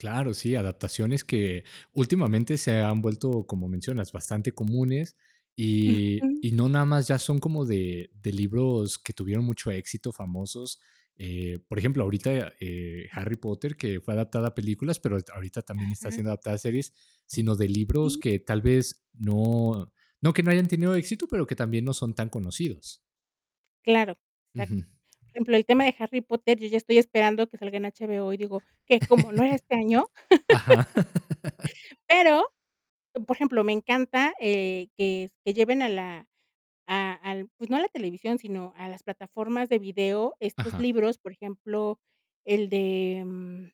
Claro, sí, adaptaciones que últimamente se han vuelto, como mencionas, bastante comunes, y Ujú. y no nada más ya son como de de libros que tuvieron mucho éxito, famosos, eh. Por ejemplo, ahorita eh, Harry Potter, que fue adaptada a películas, pero ahori ahorita también está Ajá. siendo adaptada a series, sino de libros Sí. que tal vez no, no que no hayan tenido éxito, pero que también, no son tan conocidos. Claro, Ujú. exacto, por ejemplo, el tema de Harry Potter, yo ya estoy esperando que salga en HBO y digo, ¿qué? ¿Cómo? ¿No era este año? Ajá. Pero, por ejemplo, me encanta, eh, que s que lleven a la a al, pues no a la televisión, sino a las plataformas de video estos Ajá. libros, por ejemplo, el de mm